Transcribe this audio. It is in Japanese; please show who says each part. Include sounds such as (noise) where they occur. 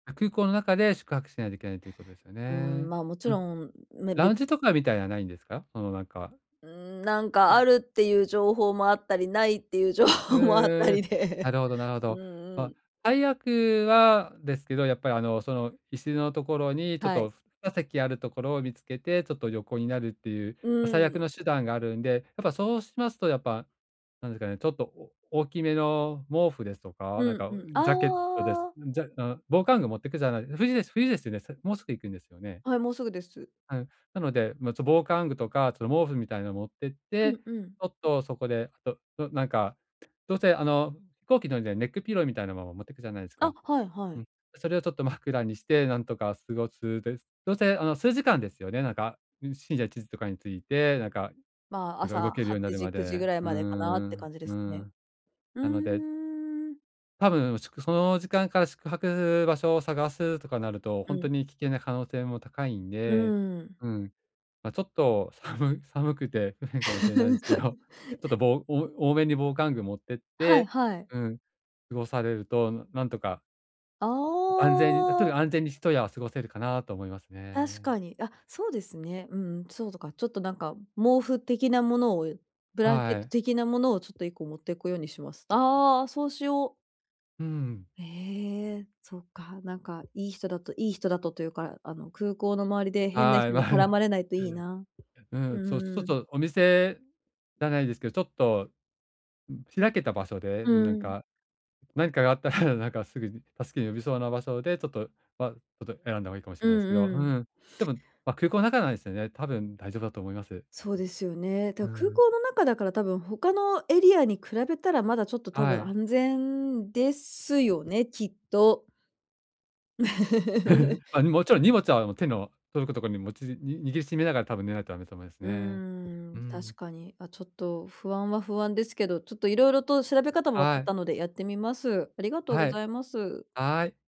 Speaker 1: 空港の中で宿泊しないといけないということですよ
Speaker 2: うーん、
Speaker 1: ね。
Speaker 2: まあ、もち
Speaker 1: う
Speaker 2: ろ
Speaker 1: ん。
Speaker 2: ん。ね、
Speaker 1: ラ
Speaker 2: べ
Speaker 1: ウン
Speaker 2: つ
Speaker 1: ジとかみたいな、ないんですか？そのなんか
Speaker 2: うーん。なんか、
Speaker 1: あ。
Speaker 2: あるっていう情報もあったり、ないっていう情
Speaker 1: へ
Speaker 2: 報もあったり
Speaker 1: え。な
Speaker 2: で。
Speaker 1: るほどなるほ
Speaker 2: うん
Speaker 1: ど。
Speaker 2: う
Speaker 1: まあ、
Speaker 2: ん。
Speaker 1: 最悪はですけど、やっぱり、あの、その椅子のところに、ちょっ
Speaker 2: はい。
Speaker 1: と、ふ2席あるところを見つけて、ちょっと横になるっていう、
Speaker 2: う
Speaker 1: ま、最
Speaker 2: ー
Speaker 1: 悪
Speaker 2: ん。
Speaker 1: の手段があるんで、やっぱそうしますと、やっぱなんですかね、ちょっとお大きめの毛布ですとか、な
Speaker 2: う
Speaker 1: ん
Speaker 2: ん
Speaker 1: か、お、
Speaker 2: うん。
Speaker 1: うん、ジャケットです
Speaker 2: ああ。
Speaker 1: じゃうん。防寒具持ってくじゃない冬です冬ですよね。もうすぐ行くんですよね。
Speaker 2: はい、もうすぐです。
Speaker 1: はい。なので、ま、ちょ、防寒具とか、ちょ、毛布みたいなのを持ってっ
Speaker 2: う
Speaker 1: て、ち
Speaker 2: んうん。
Speaker 1: ょっとそこで、どどなんか、どうせ、あの飛行機乗るのでネックピローみたいなものも、持っていくじゃないです
Speaker 2: あ、
Speaker 1: か。
Speaker 2: はいは
Speaker 1: う
Speaker 2: い。
Speaker 1: ん。それをちょっと枕にしてなんとか過ごす。で、どうせあの数時間ですよね。なんか、ん、深夜1時とかについて、なんか、
Speaker 2: まあ、
Speaker 1: なん
Speaker 2: 朝
Speaker 1: か動
Speaker 2: は
Speaker 1: けるようにな
Speaker 2: ち
Speaker 1: るま
Speaker 2: じ9時ぐ
Speaker 1: で。
Speaker 2: らい
Speaker 1: うー
Speaker 2: までかなって
Speaker 1: ん、
Speaker 2: 感じで
Speaker 1: う
Speaker 2: すね。
Speaker 1: ん。
Speaker 2: う
Speaker 1: なので
Speaker 2: ーん。
Speaker 1: たぶん、しゅくその時間から宿泊場所を探すとかなると、
Speaker 2: う
Speaker 1: 本当
Speaker 2: ん。
Speaker 1: に危険な可能性も高いん
Speaker 2: う
Speaker 1: で。
Speaker 2: ーん。
Speaker 1: うん。まあ、ちょっと、さむ寒くて不便かもしれないですけど、ちょっと
Speaker 2: (laughs)
Speaker 1: ぼお多めに防寒具持ってっ
Speaker 2: はい
Speaker 1: て
Speaker 2: はい。
Speaker 1: うん。過ごされると、なんとか
Speaker 2: あ
Speaker 1: 安全にとに
Speaker 2: あ。
Speaker 1: かく安全に一夜を過ごせるかなと思います
Speaker 2: 確
Speaker 1: ね。
Speaker 2: かに。あ、そうですね。うんうん。そうとか、ちょっとなんか毛布的なものを、ブランケッ
Speaker 1: は
Speaker 2: ト
Speaker 1: い。
Speaker 2: 的なものをちょっと1個持っていくようにします。ああ、そうしよう。
Speaker 1: うーん。
Speaker 2: へえ。そっか。なんか、いい人だといい人だと、というか、あの空港の周りで変な
Speaker 1: はい。
Speaker 2: 人
Speaker 1: ま
Speaker 2: に絡ま
Speaker 1: あ。
Speaker 2: れないといいな。
Speaker 1: う
Speaker 2: う
Speaker 1: ん。そう。ちょ
Speaker 2: ん
Speaker 1: っ
Speaker 2: うん。
Speaker 1: とお店じゃないですけど、ちょっと、ん、開けた場所で
Speaker 2: う
Speaker 1: なん
Speaker 2: ーん。
Speaker 1: か、何かがあったらなんかすぐに助け呼べそうな場所で、ちょっと、はちょっと選んだ方がいいかもし
Speaker 2: う
Speaker 1: れないですけ
Speaker 2: ん
Speaker 1: ど。
Speaker 2: う
Speaker 1: う
Speaker 2: ん。
Speaker 1: ん。でも空港の中なんですよね。多分大丈夫だと思います。は
Speaker 2: そ
Speaker 1: い。
Speaker 2: うですよね。
Speaker 1: う
Speaker 2: だ、空
Speaker 1: ん。
Speaker 2: 港の中だから、たぶん他のエリアに比べたら、まだちょっと、た
Speaker 1: は
Speaker 2: ぶん
Speaker 1: い。
Speaker 2: 安全ですよね、きっと。(laughs)
Speaker 1: (chuckles) まあ、もちろん荷物は、もう、手の届くところに、もちに握りしめながら多分寝ないとダメと思います
Speaker 2: うー
Speaker 1: ね。う
Speaker 2: ん。
Speaker 1: ー
Speaker 2: 確
Speaker 1: ん。
Speaker 2: かに。あ、ちょっと不安は不安ですけど、ちょっと色々と調べ方も分か
Speaker 1: は
Speaker 2: っ
Speaker 1: い。
Speaker 2: たのでやってみます。ありがとうご
Speaker 1: は
Speaker 2: ざ
Speaker 1: い。
Speaker 2: います。
Speaker 1: はい。